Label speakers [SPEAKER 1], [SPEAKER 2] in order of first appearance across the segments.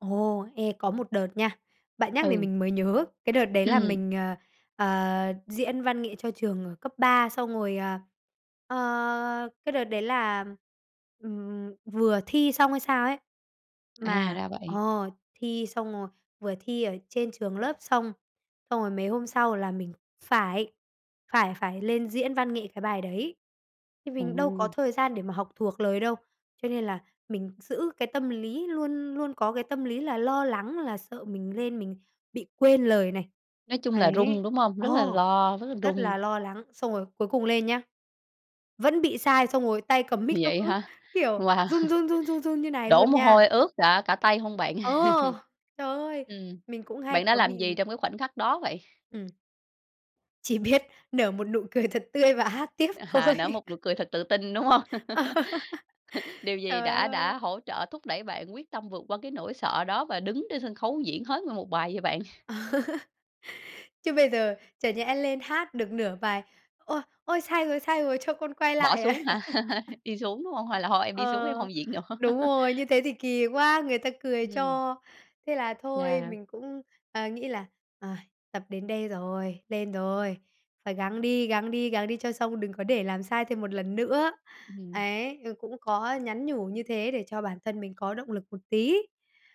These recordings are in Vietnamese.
[SPEAKER 1] Ồ! Ê, có một đợt nha, bạn nhắc thì
[SPEAKER 2] Ừ.
[SPEAKER 1] mình mới nhớ, cái đợt đấy là
[SPEAKER 2] Ừm.
[SPEAKER 1] mình, ờ, ờ, diễn văn nghệ cho trường ở cấp ba, xong rồi, à, ờ, cái đợt đấy là, ừm, vừa thi xong hay sao ấy,
[SPEAKER 2] À,
[SPEAKER 1] mà
[SPEAKER 2] ra vậy!
[SPEAKER 1] ờ, thi xong rồi, vừa thi ở trên trường lớp xong, xong rồi mấy hôm sau là mình phải phải phải lên diễn văn nghệ cái bài đấy. Thì mình đâu có
[SPEAKER 2] Ồ!
[SPEAKER 1] thời gian để mà học thuộc lời đâu, cho nên là mình giữ cái tâm lý, luôn luôn có cái tâm lý là lo lắng là sợ mình lên mình bị quên lời này.
[SPEAKER 2] Nói chung là run,
[SPEAKER 1] Đấy,
[SPEAKER 2] đúng không?
[SPEAKER 1] ờ,
[SPEAKER 2] Rất là lo, rất là
[SPEAKER 1] rất
[SPEAKER 2] run.
[SPEAKER 1] là lo lắng, xong rồi cuối cùng lên nhá, vẫn bị sai, xong rồi tay cầm mic nó
[SPEAKER 2] Vậy
[SPEAKER 1] cứ,
[SPEAKER 2] hả?
[SPEAKER 1] kiểu,
[SPEAKER 2] Wow.
[SPEAKER 1] run, run, run, run, run như này
[SPEAKER 2] Đổ
[SPEAKER 1] luôn
[SPEAKER 2] mồ
[SPEAKER 1] nha.
[SPEAKER 2] hôi ướt cả cả tay hông bạn?
[SPEAKER 1] Ờ, trời ơi!
[SPEAKER 2] Ừm.
[SPEAKER 1] Mình cũng hay
[SPEAKER 2] Bạn đã
[SPEAKER 1] có
[SPEAKER 2] làm
[SPEAKER 1] bị
[SPEAKER 2] gì trong cái khoảnh khắc đó vậy?
[SPEAKER 1] Ừm. Chỉ biết nở một nụ cười thật tươi và hát tiếp
[SPEAKER 2] À,
[SPEAKER 1] thôi.
[SPEAKER 2] nở một nụ cười thật tự tin, đúng hông?
[SPEAKER 1] Ờ,
[SPEAKER 2] Điều gì
[SPEAKER 1] trời
[SPEAKER 2] đã đã
[SPEAKER 1] ơi!
[SPEAKER 2] hỗ trợ thúc đẩy bạn quyết tâm vượt qua cái nỗi sợ đó và đứng trên sân khấu diễn hết nguyên 1 bài vậy bạn?
[SPEAKER 1] Chứ bây giờ chẳng nhẽ lên hát được nửa bài. "Ôi! Ôi, sai rồi, sai rồi cho con quay
[SPEAKER 2] Bỏ
[SPEAKER 1] lại" à?
[SPEAKER 2] xuống hả? Đi xuống, đúng hông? Hay là "thôi, em đi xuống,
[SPEAKER 1] Ờ,
[SPEAKER 2] em hông diễn nữa"?
[SPEAKER 1] đúng rồi, như thế thì kỳ quá, người ta cười
[SPEAKER 2] Ừm.
[SPEAKER 1] cho. Thế là thôi
[SPEAKER 2] Yeah.
[SPEAKER 1] mình cũng, ờ, nghĩ là, ời, tập đến đây rồi, lên rồi, phải gắng đi, gắng đi, gắng đi cho xong, đừng có để làm sai thêm một lần nữa.
[SPEAKER 2] Ừm.
[SPEAKER 1] Ấy, ờ, cũng có nhắn nhủ như thế để cho bản thân mình có động lực một tí.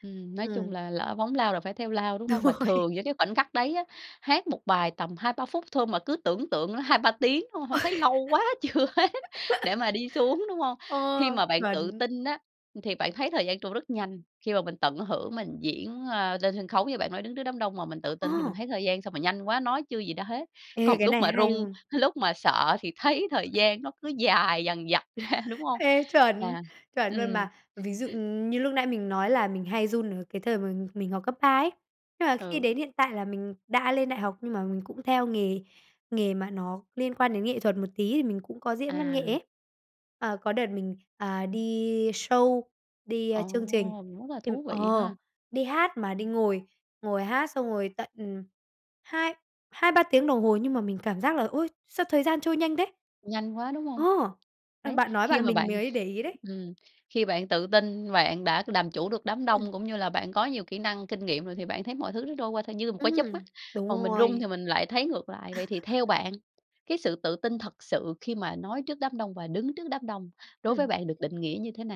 [SPEAKER 2] Ừm, nói chung
[SPEAKER 1] Ừm.
[SPEAKER 2] là lỡ phóng lao là phải theo lao, đúng
[SPEAKER 1] Đúng
[SPEAKER 2] hông? Mà
[SPEAKER 1] rồi.
[SPEAKER 2] thường những cái khoảnh khắc đấy á, hát 1 bài tầm 2-3 phút thôi mà cứ tưởng tượng là 2-3 tiếng, đúng không? Hông
[SPEAKER 1] Ôi!
[SPEAKER 2] thấy lâu quá chưa hết để mà đi xuống, đúng hông?
[SPEAKER 1] Ờ,
[SPEAKER 2] Khi mà bạn tự
[SPEAKER 1] chuẩn!
[SPEAKER 2] tin á, ừm, thì bạn thấy thời gian trôi rất nhanh, khi mà mình tận hưởng mình diễn, a, lên sân khấu như bạn nói, đứng trước đám đông mà mình tự tin thì mình
[SPEAKER 1] À.
[SPEAKER 2] thấy thời gian sao mà nhanh quá, nói chưa gì đã hết.
[SPEAKER 1] Ê,
[SPEAKER 2] Còn
[SPEAKER 1] cái
[SPEAKER 2] lúc
[SPEAKER 1] này
[SPEAKER 2] mà
[SPEAKER 1] hay
[SPEAKER 2] run,
[SPEAKER 1] luôn!
[SPEAKER 2] lúc mà sợ thì thấy thời gian nó cứ dài dằng dặc ra, đúng hông?
[SPEAKER 1] Ê, chuẩn,
[SPEAKER 2] Yeah!
[SPEAKER 1] chuẩn luôn
[SPEAKER 2] Ừm.
[SPEAKER 1] mà! Ví dụ, ừm, như lúc nãy mình nói là mình hay run ở cái thời mà mình học cấp ba ấy, nhưng mà khi
[SPEAKER 2] Ừ.
[SPEAKER 1] đến hiện tại là mình đã lên đại học, nhưng mà mình cũng theo nghề nghề mà nó liên quan đến nghệ thuật một tí, thì mình cũng có diễn văn nghệ
[SPEAKER 2] À.
[SPEAKER 1] ấy. À, có đợt mình, à, đi show, đi, ờ,
[SPEAKER 2] Ồ,
[SPEAKER 1] chương trình,
[SPEAKER 2] rất là
[SPEAKER 1] thì
[SPEAKER 2] thú vị
[SPEAKER 1] ờ,
[SPEAKER 2] ha!
[SPEAKER 1] đi hát mà đi ngồi ngồi hát xong rồi tận, ừm, hai hai, 3 tiếng đồng hồ, nhưng mà mình cảm giác là, ôi, sao thời gian trôi nhanh thế?
[SPEAKER 2] Nhanh quá, đúng
[SPEAKER 1] Ờ,
[SPEAKER 2] hông?
[SPEAKER 1] bạn
[SPEAKER 2] Đấy,
[SPEAKER 1] bạn nói
[SPEAKER 2] khi
[SPEAKER 1] bạn
[SPEAKER 2] mà
[SPEAKER 1] mình ấy
[SPEAKER 2] bạn
[SPEAKER 1] mới để ý đấy.
[SPEAKER 2] ừm, khi bạn tự tin bạn đã làm chủ được đám
[SPEAKER 1] Ừm.
[SPEAKER 2] đông cũng như là bạn có nhiều kỹ năng, kinh nghiệm rồi thì bạn thấy mọi thứ nó trôi qua thôi như một cái chớp mắt,
[SPEAKER 1] Ừm, đúng
[SPEAKER 2] còn mình run thì
[SPEAKER 1] rồi.
[SPEAKER 2] mình lại thấy ngược lại. Vậy thì theo bạn, cái sự tự tin thật sự khi mà nói trước đám đông và đứng trước đám đông, đối với
[SPEAKER 1] Ừm.
[SPEAKER 2] bạn được định nghĩa như thế nào?